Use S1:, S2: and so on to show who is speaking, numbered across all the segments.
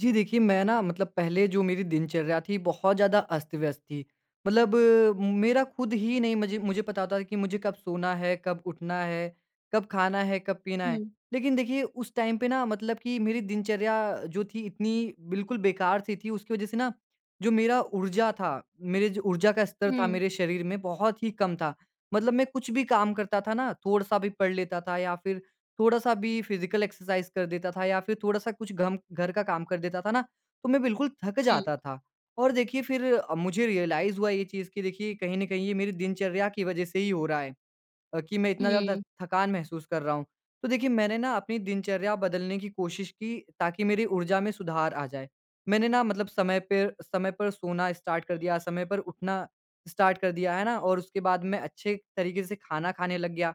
S1: जी देखिए, मैं ना मतलब पहले जो मेरी दिनचर्या थी, बहुत ज़्यादा अस्त-व्यस्त थी। मतलब मेरा खुद ही नहीं मुझे मुझे पता होता था कि मुझे कब सोना है, कब उठना है, कब खाना है, कब पीना है।
S2: हुँ।
S1: लेकिन देखिए, उस टाइम पे ना मतलब कि मेरी दिनचर्या जो थी, इतनी बिल्कुल बेकार-सी थी। उसकी वजह से ना जो मेरा ऊर्जा था, मेरे जो ऊर्जा का स्तर था
S2: हुँ।
S1: मेरे शरीर में, बहुत ही कम था। मतलब मैं कुछ भी काम करता था ना, थोड़ा-सा भी पढ़ लेता था या फिर थोड़ा-सा भी फिज़िकल एक्सरसाइज़ कर देता था या फिर थोड़ा-सा कुछ घम घर का काम कर देता था ना, तो मैं बिल्कुल थक
S2: हुँ।
S1: जाता था। और देखिए, फिर अ, मुझे रियलाइज़ हुआ ये चीज़ कि देखिए, कहीं न कहीं ये मेरी दिनचर्या की वजह से ही हो रहा है अ, कि मैं इतना ज़्यादा
S2: हुँ।
S1: थकान महसूस कर रहा हूँ। तो देखिए, मैंने ना अपनी दिनचर्या बदलने की कोशिश की ताकि मेरे ऊर्जा में सुधार आ जाए। मैंने ना मतलब समय पेर समय पर सोना स्टार्ट कर दिया, समय पर उठना स्टार्ट कर दिया, है ना? और उसके बाद मैं अच्छे तरीके से खाना खाने लग गया।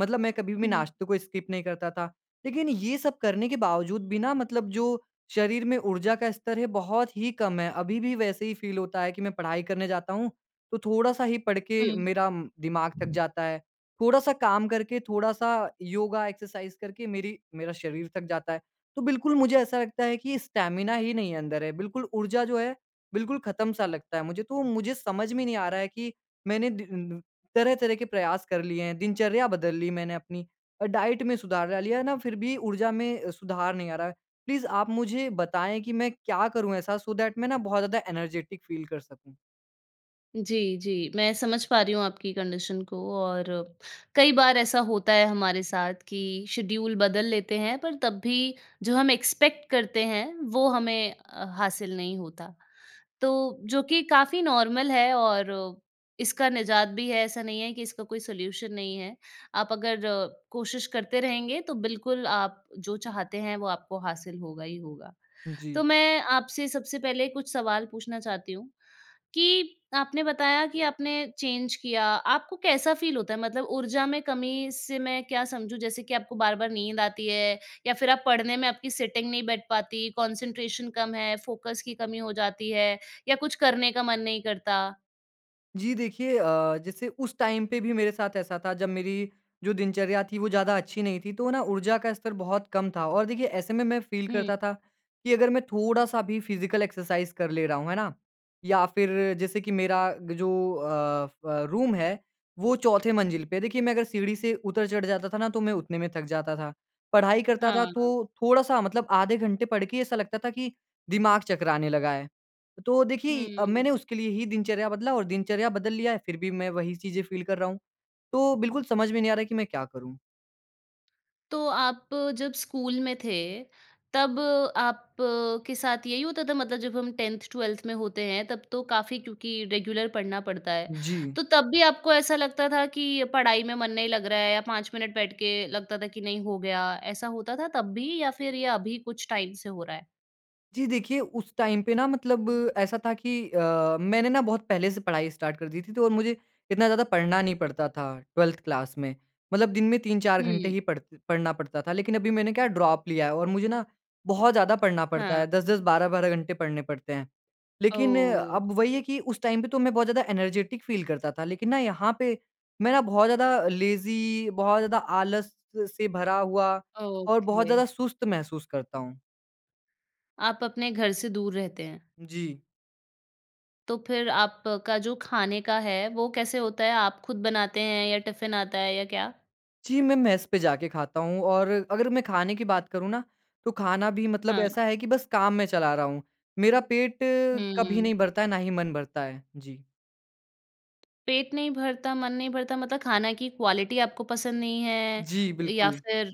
S1: मतलब मैं कभी भी
S2: हुँ।
S1: नाश्ते को स्किप नहीं करता था, लेकिन ये सब करने के बावजूद भी ना मतलब जो शरीर में ऊर्जा का स्तर है, बहुत ही कम है। अभी भी वैसे ही फ़ील होता है कि मैं पढ़ाई करने जाता हूँ, तो थोड़ा-सा ही पढ़ के
S2: हुँ।
S1: मेरा दिमाग थक जाता है। थोड़ा-सा काम करके, थोड़ा-सा योगा एक्सरसाइज़ करके मेरी मेरा शरीर थक जाता है। तो बिल्कुल मुझे ऐसा लगता है कि स्टैमिना ही नहीं अंदर है। बिल्कुल ऊर्जा जो है, बिल्कुल खत्म-सा लगता है मुझे। तो मुझे समझ में नहीं आ रहा है कि मैंने डी तरह-तरह के प्रयास कर लिए हैं। दिनचर्या बदल ली मैंने अपनी और डाइट में सुधार ला लिया, है ना? फिर भी ऊर्जा में अ, सुधार नहीं आ रहा है। प्लीज़ आप मुझे बताएँ कि मैं क्या करूँ ऐसा सो दैट मैं ना बहुत ज़्यादा एनर्जेटिक फ़ील कर सकूँ?
S2: जी, जी। मैं समझ पा रही हूँ आपकी कंडीशन को और कई बार ऐसा होता है हमारे साथ कि शेड्यूल बदल लेते हैं पर तब भी जो हम एक्सपेक्ट करते हैं वो हमें अ, हासिल नहीं होता। तो जो कि काफ़ी नॉर्मल है और इसका निजात भी है, ऐसा नहीं है कि इसका कोई सॉल्यूशन नहीं है। आप अगर अ, कोशिश करते रहेंगे तो बिल्कुल आप जो चाहते हैं वो आपको हासिल होगा ही होगा।
S1: जी।
S2: तो मैं आपसे सबसे पहले कुछ सवाल पूछना चाहती हूँ। कि आपने बताया कि आपने चेंज किया, आपको कैसा फ़ील होता है? मतलब ऊर्जा में कमी से मैं क्या समझूँ? जैसे कि आपको बार-बार नींद आती है? या फिर आप पढ़ने में आपकी सिटिंग नहीं बैठ पाती? कॉन्सन्ट्रेशन कम है? फोकस की कमी हो जाती है? या कुछ करने का मन नहीं करता?
S1: जी देखिए अ, जैसे उस टाइम पे भी मेरे साथ ऐसा था जब मेरी जो दिनचर्या थी वो ज़्यादा अच्छी नहीं थी। तो ना ऊर्जा का स्तर बहुत कम था। और देखिए ऐसे में मैं फ़ील
S2: हुँ।
S1: करता था कि अगर मैं थोड़ा-सा भी फिज़िकल एक्सरसाइज कर ले रहा हूँ, है ना? या फिर जैसे कि मेरा ग जो अ, फ़ रूम है वो चौथे मंजिल पे है। देखिए मैं अगर सीढ़ी से उतर-चढ़ जाता था ना तो मैं उतने में थक जाता था। पढ़ाई करता
S2: हाँ,
S1: था तो
S2: हाँ।
S1: थोड़ा-सा मतलब आधे घंटे पढ़ के ऐसा लगता था कि दिमाग चकराने लगा है। तो देखिए
S2: हुँ।
S1: मैंने उसके लिए ही दिनचर्या बदला और दिनचर्या बदल लिया है फिर भी मैं वही चीज़ें फ़ील कर रहा हूँ। तो बिल्कुल समझ में नहीं आ रहा कि मैं क्या करूँ?
S2: तो आप जब स्कूल में थे, तब आपके साथ यही होता था मतलब जब हम 10th-12th में होते हैं, तब तो काफ़ी क्योंकि रेगुलर पढ़ना पड़ता है।
S1: जी।
S2: तो तब भी आपको ऐसा लगता था कि पढ़ाई में मन नहीं लग रहा है या 5 मिनट बैठ के लगता था कि, "नहीं, हो गया।" ऐसा होता था तब भी या फिर ये अभी कुछ टाइम से हो रहा है?
S1: जी देखिए, उस टाइम पे ना मतलब ऐसा था कि अ, मैंने ना बहुत पहले से पढ़ाई स्टार्ट कर दी थी तो और मुझे इतना ज़्यादा पढ़ना नहीं पड़ता था 12th क्लास में। मतलब दिन में 3-4 घंटे
S2: हुँ।
S1: ही पढ़ पढ़ना पड़ता था। लेकिन अभी मैंने क्या ड्रॉप लिया है और मुझे ना बहुत ज़्यादा पढ़ना पड़ता
S2: हाँ।
S1: है। 10-10 12-12 घंटे पढ़ने पड़ते हैं। लेकिन
S2: ओह!
S1: अब वही है कि उस टाइम पे तो मैं बहुत ज़्यादा एनर्जेटिक फ़ील करता था, लेकिन ना यहाँ पे मैं ना बहुत ज़्यादा लेज़ी, बहुत ज़्यादा आलस से भरा हुआ और बहुत ज़्यादा
S2: ओके।
S1: सुस्त महसूस करता हूँ।
S2: आप अपने घर से दूर रहते हैं।
S1: जी।
S2: तो फिर आपका जो खाने का है, वो कैसे होता है? आप खुद बनाते हैं या टिफ़िन आता है या क्या?
S1: जी, मैं मेस पे जाके खाता हूँ और अगर मैं खाने की बात करूँ ना, तो खाना भी मतलब
S2: हाँ।
S1: ऐसा है कि बस काम मैं चला रहा हूँ। मेरा पेट कभी
S2: हुँ।
S1: नहीं भरता है, ना ही मन भरता है। जी।
S2: पेट नहीं भरता, मन नहीं भरता मतलब खाना की क्वालिटी आपको पसंद नहीं है
S1: जी,
S2: या
S1: बिल्कुल।
S2: फिर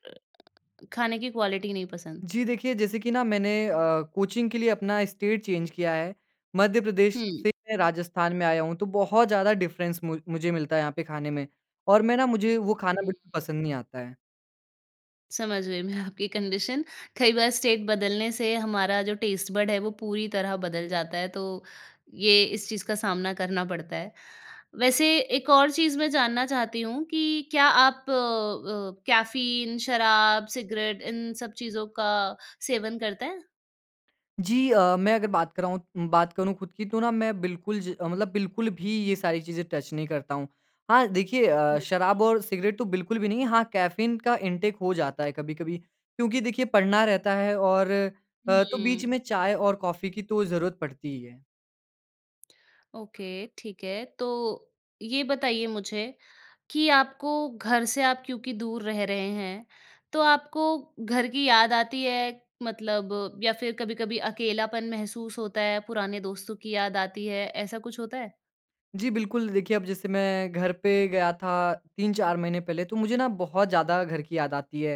S2: खाने की क्वालिटी नहीं पसंद?
S1: जी देखिए, जैसे कि ना मैंने अ, कोचिंग के लिए अपना स्टेट चेंज किया है। मध्य प्रदेश
S2: हुँ।
S1: से मैं राजस्थान में आया हूँ, तो बहुत ज़्यादा डिफ़रेंस मु मुझे मिलता है यहाँ पे खाने में और मैं ना मुझे वो खाना बिल्कुल
S2: हुँ।
S1: पसंद नहीं आता है।
S2: समझ गई मैं आपकी कंडीशन। कई बार स्टेट बदलने से हमारा जो टेस्ट बड है वो पूरी तरह बदल जाता है तो ये इस चीज़ का सामना करना पड़ता है। वैसे एक और चीज़ मैं जानना चाहती हूँ कि क्या आप अ, कैफ़ीन, शराब, सिगरेट, इन सब चीज़ों का सेवन करते हैं?
S1: जी अ, मैं अगर बात कराऊँ बात करूँ खुद की, तो ना मैं बिल्कुल ज़ मतलब बिल्कुल भी ये सारी चीज़ें टच नहीं करता हूँ। हाँ, देखिए अ,
S2: हुँ।
S1: शराब और सिगरेट तो बिल्कुल भी नहीं। हाँ, कैफ़ीन का इंटेक हो जाता है कभी-कभी। क्योंकि देखिए पढ़ना रहता है और अ, तो बीच
S2: उहुँ।
S1: में चाय और कॉफ़ी की तो ज़रूरत पड़ती ही है।
S2: ओके, ठीक है। तो ये बताइए मुझे कि आपको घर से आप क्योंकि दूर रह रहे हैं, तो आपको घर की याद आती है? मतलब या फिर कभी-कभी अकेलापन महसूस होता है, पुराने दोस्तों की याद आती है, ऐसा कुछ होता है?
S1: जी बिल्कुल। देखिए अब जैसे मैं घर पे गया था 3-4 महीने पहले, तो मुझे ना बहुत ज़्यादा घर की याद आती है।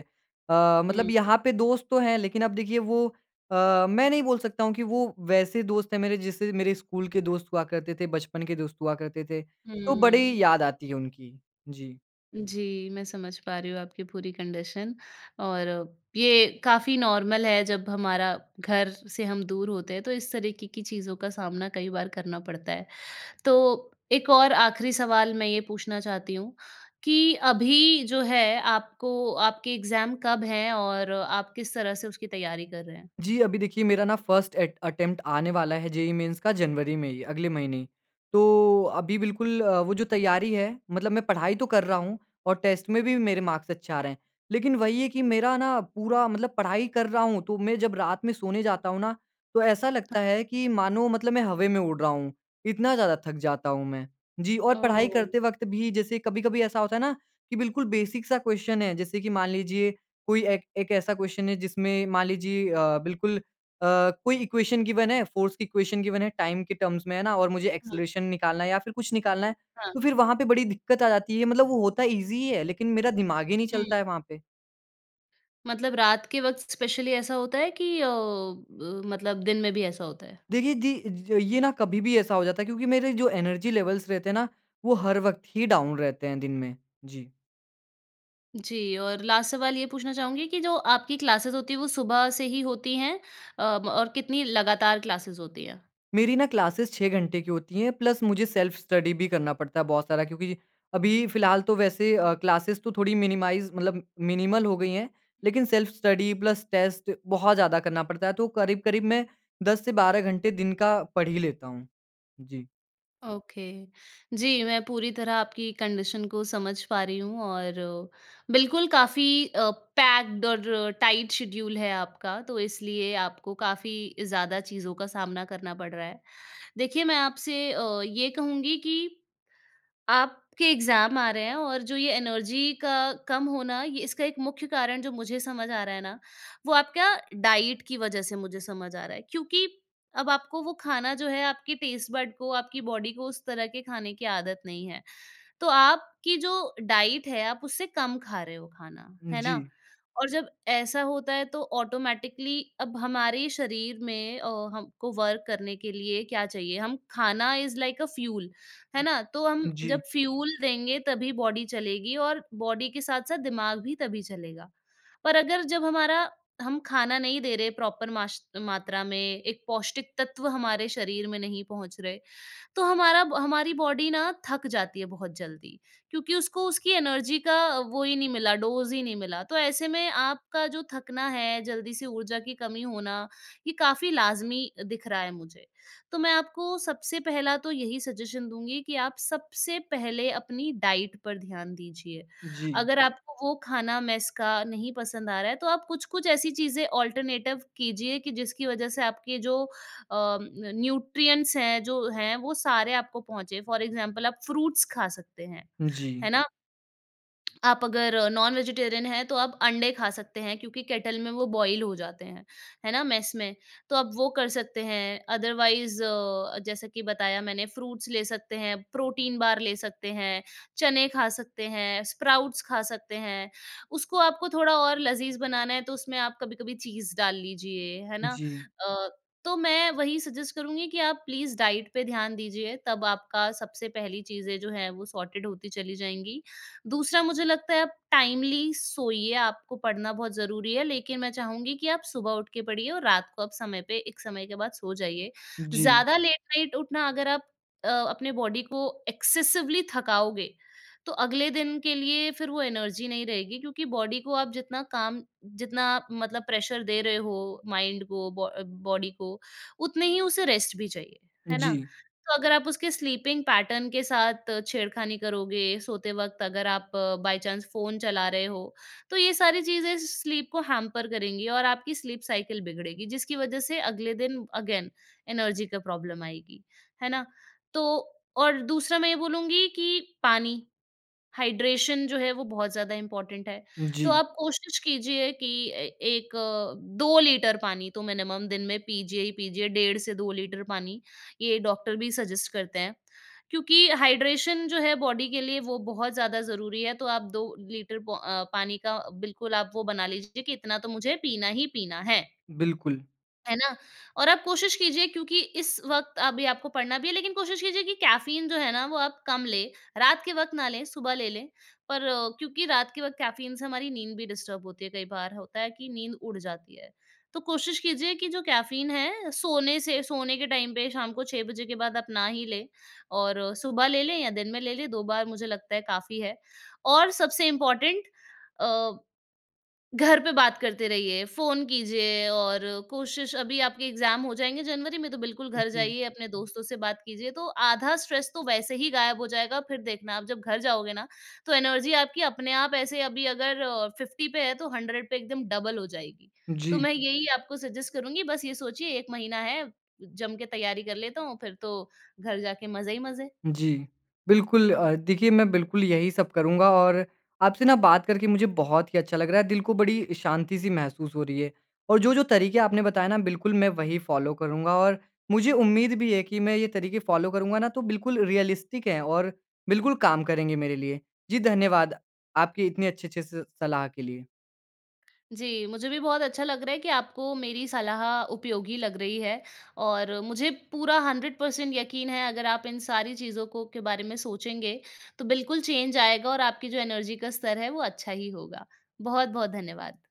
S1: अ,
S2: हुँ,
S1: मतलब यहाँ
S2: हुँ।
S1: पे दोस्त तो हैं, लेकिन अब देखिए वो अ, मैं नहीं बोल सकता हूँ कि वो वैसे दोस्त हैं मेरे जैसे मेरे स्कूल के दोस्त हुआ करते थे, बचपन के दोस्त हुआ करते थे। तो बड़ी
S2: हम्म।
S1: याद आती है उनकी। जी।
S2: जी, मैं समझ पा रही हूँ आपकी पूरी कंडीशन, और ये काफ़ी नॉर्मल है। जब हमारा घर से हम दूर होते हैं, तो इस तरीके की चीज़ों का सामना कई बार करना पड़ता है। तो एक और आख़िरी सवाल मैं ये पूछना चाहती हूँ कि अभी जो है आपको आपके एग्ज़ाम कब हैं और आप किस तरह से उसकी तैयारी कर रहे हैं?
S1: जी, अभी देखिए मेरा ना फ़र्स्ट एट अटेम्प्ट आने वाला है जेईई मेन्स का जनवरी में ही, अगले महीने ही। तो अभी बिल्कुल अ, वो जो तैयारी है मतलब मैं पढ़ाई तो कर रहा हूँ और टेस्ट में भी मेरे मार्क्स अच्छे आ रहे हैं। लेकिन वही है कि मेरा ना पूरा मतलब पढ़ाई कर रहा हूँ, तो मैं जब रात में सोने जाता हूँ ना, तो ऐसा लगता
S2: हाँ।
S1: है कि मानो मतलब मैं हवे में उड़ रहा हूँ, इतना ज़्यादा थक जाता हूँ मैं। जी, और पढ़ाई
S2: ओह!
S1: करते वक़्त भी जैसे कभी-कभी ऐसा होता है ना कि बिल्कुल बेसिक क्वेस्चन सा क्वेस्चन है। जैसे कि मान लीजिए कोई एक, एक ऐसा क्वेस्चन है जिसमें मान लीजिए अ, बिल्कुल अ, कोई इक्वेशन गिवेन है, फ़ोर्स की इक्वेशन गिवेन है, टाइम के टर्म्स में है ना, और मुझे
S2: हाँ।
S1: ऐक्सेलरेशन निकालना है या फिर कुछ निकालना है,
S2: हाँ।
S1: तो फिर वहाँ पे बड़ी दिक्कत आ जाती है। मतलब वो होता ईजी ही है, लेकिन मेरा दिमाग ही नहीं चलता
S2: हुँ।
S1: है वहाँ पे।
S2: मतलब रात के वक़्त इस्पेशली ऐसा होता है कि अ, ब मतलब दिन में भी ऐसा होता है?
S1: देखिए, जी, ज ये ना कभी भी ऐसा हो जाता है, क्योंकि मेरे जो एनर्जी लेवल्स रहते हैं ना, वो हर वक़्त ही डाउन रहते हैं दिन में। जी।
S2: जी और लास्ट सवाल ये पूछना चाहूँगी कि जो आपकी क्लासेस होती है वो सुबह से ही होती हैं? अ, म और कितनी लगातार क्लासेस होती हैं?
S1: मेरी ना क्लासेस 6 घंटे की होती हैं, प्लस मुझे सेल्फ स्टडी भी करना पड़ता है बहुत सारा। क्योंकि अभी फ़िलहाल तो वैसे अ, क्लासेस तो थोड़ी मिनिमाइज़ मतलब मिनिमल हो गई हैं। लेकिन सेल्फ स्टडी प्लस टेस्ट बहुत ज़्यादा करना पड़ता है, तो करीब-करीब मैं 10 से 12 घंटे दिन का पढ़ ही लेता हूँ। जी।
S2: ओके। जी, मैं पूरी तरह आपकी कंडीशन को समझ पा रही हूँ और बिल्कुल काफ़ी अ, पैक्ड और टाइट शेड्यूल है आपका। तो, इसलिए आपको काफ़ी ज़्यादा चीज़ों का सामना करना पड़ रहा है। देखिए, मैं आपसे अ, ये कहूँगी कि, आपके एग्ज़ाम आ रहे हैं, और जो ये एनर्जी का कम होना, ये इसका एक मुख्य कारण जो मुझे समझ आ रहा है ना, वो आपका डाइट की वजह से मुझे समझ आ रहा है। क्योंकि अब आपको वो खाना जो है, आपकी टेस्ट बड को, आपकी बॉडी को उस तरह के खाने की आदत नहीं है। तो, आपकी जो डाइट है, आप उससे कम खा रहे हो खाना, है ना?
S1: जी।
S2: और जब ऐसा होता है, तो ऑटोमैटिकली अब हमारे शरीर में अ, हमको वर्क करने के लिए क्या चाहिए? हम खाना इज़ लाइक अ फ्यूल, है ना? तो हम
S1: जी।
S2: जब फ्यूल देंगे तभी बॉडी चलेगी और बॉडी के साथ-साथ दिमाग भी तभी चलेगा। पर अगर जब हमारा हम खाना नहीं दे रहे, प्रॉपर माश मात्रा में, एक पौष्टिक तत्व हमारे शरीर में नहीं पहुँच रहे, तो हमारा ब हमारी बॉडी ना थक जाती है बहुत जल्दी, क्योंकि उसको उसकी एनर्जी का वही नहीं मिला डोज़ ही नहीं मिला। तो ऐसे में आपका जो थकना है, जल्दी से ऊर्जा की कमी होना, ये काफ़ी लाज़मी दिख रहा है मुझे। तो, मैं आपको सबसे पहला तो यही सजेशन दूँगी कि आप सबसे पहले अपनी डाइट पर ध्यान दीजिए।
S1: जी।
S2: अगर आपको वो खाना मेस का नहीं पसंद आ रहा है, तो आप कुछ-कुछ ऐसी चीज़ें अल्टरनेटिव कीजिए कि जिसकी वजह से आपके जो अ, न्यूट्रिएंट्स हैं, जो हैं, वो सारे आपको पहुँचे। फ़ॉर एग्जांपल आप फ्रूट्स खा सकते हैं,
S1: जी।
S2: है ना? आप अगर नॉन वेजिटेरियन हैं, तो आप अंडे खा सकते हैं, क्योंकि केटल में वो बॉयल हो जाते हैं, है ना? मेस में। तो आप वो कर सकते हैं। अदरवाइज अ, जैसा कि बताया मैंने फ्रूट्स ले सकते हैं, प्रोटीन बार ले सकते हैं, चने खा सकते हैं, स्प्राउट्स खा सकते हैं। उसको आपको थोड़ा और लज़ीज़ बनाना है तो उसमें आप कभी-कभी चीज़ डाल लीजिए, है ना?
S1: जी।
S2: अ, तो मैं वही सजेस्ट करूँगी कि आप प्लीज़ डाइट पे ध्यान दीजिए। तब आपका सबसे पहली चीज़ें जो हैं, वो सॉर्टेड होती चली जाएँगी। दूसरा मुझे लगता है, आप टाइमली सोइए आपको पढ़ना बहुत ज़रूरी है, लेकिन मैं चाहूँगी कि आप सुबह उठ के पढ़िए और रात को आप समय पे एक समय के बाद सो जाइए।
S1: जी।
S2: ज़्यादा लेट नाइट उठना अगर आप अ, अपने बॉडी को एक्सेसिवली थकाओगे, तो अगले दिन के लिए फिर वो एनर्जी नहीं रहेगी क्योंकि बॉडी को आप जितना काम जितना मतलब प्रेशर दे रहे हो माइंड को बॉ बॉडी को उतने ही उसे रेस्ट भी चाहिए, है ना?
S1: जी।
S2: तो अगर आप उसके स्लीपिंग पैटर्न के साथ छेड़खानी करोगे, सोते वक़्त अगर आप बाई चांस फ़ोन चला रहे हो, तो ये सारी चीज़ें स्लीप को हैंपर करेंगी और आपकी स्लीप साइकिल बिगड़ेगी, जिसकी वजह से अगले दिन अगेन एनर्जी का प्रॉब्लम आएगी, है ना? तो और दूसरा मैं ये बोलूँगी कि पानी, हाइड्रेशन जो है वो बहुत ज़्यादा इम्पोर्टेंट है। तो
S1: जी।
S2: आप कोशिश कीजिए कि 1, 2 लीटर पानी तो मिनिमम दिन में पीजिए ही पीजिए, डेढ़ से 2 लीटर पानी। ये डॉक्टर भी सजेस्ट करते हैं। क्योंकि हाइड्रेशन जो है बॉडी के लिए वो बहुत ज़्यादा ज़रूरी है तो आप 2 लीटर पो अ, पानी का बिल्कुल आप वो बना लीजिए कि इतना तो मुझे पीना ही पीना है।
S1: बिल्कुल।
S2: है ना? और आप कोशिश कीजिए क्योंकि इस वक़्त अभी आपको पढ़ना भी है लेकिन कोशिश कीजिए कि कैफ़ीन जो है ना वो आप कम लें। रात के वक़्त ना लें सुबह ले लें पर क्योंकि रात के वक़्त कैफ़ीन से हमारी नींद भी डिस्टर्ब होती है कई बार होता है कि नींद उड़ जाती है। तो कोशिश कीजिए कि जो कैफ़ीन है सोने से सोने के टाइम पे शाम को 6 बजे के बाद आप ना ही लें और सुबह ले लें या दिन में ले लें 2 बार मुझे लगता है काफ़ी है। और सबसे इम्पॉर्टेंट अ, घर पे बात करते रहिए फ़ोन कीजिए और कोशिश अभी आपके एग्ज़ाम हो जाएँगे जनवरी में तो बिल्कुल घर
S1: जी।
S2: जाइए अपने दोस्तों से बात कीजिए। तो आधा स्ट्रेस तो वैसे ही ग़ायब हो जाएगा। फ़िर देखना आप जब घर जाओगे ना तो एनर्जी आपकी अपने आप ऐसे अभी अगर अ, 50 पे है तो 100 पे एकदम डबल हो जाएगी। तो
S1: जी।
S2: मैं यही आपको सजेस्ट करूँगी बस ये सोचिए 1 महीना है जमके तैयारी कर लेता हूँ फ़िर तो घर जाके मज़े ही मज़े।
S1: जी। बिल्कुल अ, देखिए मैं बिल्कुल यही सब करूँगा और आपसे ना बात करके मुझे बहुत ही अच्छा लग रहा है दिल को बड़ी शांति सी महसूस हो रही है। और जो-जो तरीक़े आपने बताए ना बिल्कुल मैं वही फ़ॉलो करूँगा। और मुझे उम्मीद भी है कि मैं ये तरीक़े फ़ॉलो करूँगा ना तो बिल्कुल रियलिस्टिक है और बिल्कुल काम करेंगे मेरे लिए। जी धन्यवाद आपके इतने अच्छे-अच्छे स सलाह के लिए।
S2: जी। मुझे भी बहुत अच्छा लग रहा है कि आपको मेरी सलाह उपयोगी लग रही है और मुझे पूरा 100 पर्सेंट यक़ीन है अगर आप इन सारी चीज़ों को के बारे में सोचेंगे तो बिल्कुल चेंज आएगा और आपकी जो एनर्जी का स्तर है वो अच्छा ही होगा। बहुत-बहुत धन्यवाद!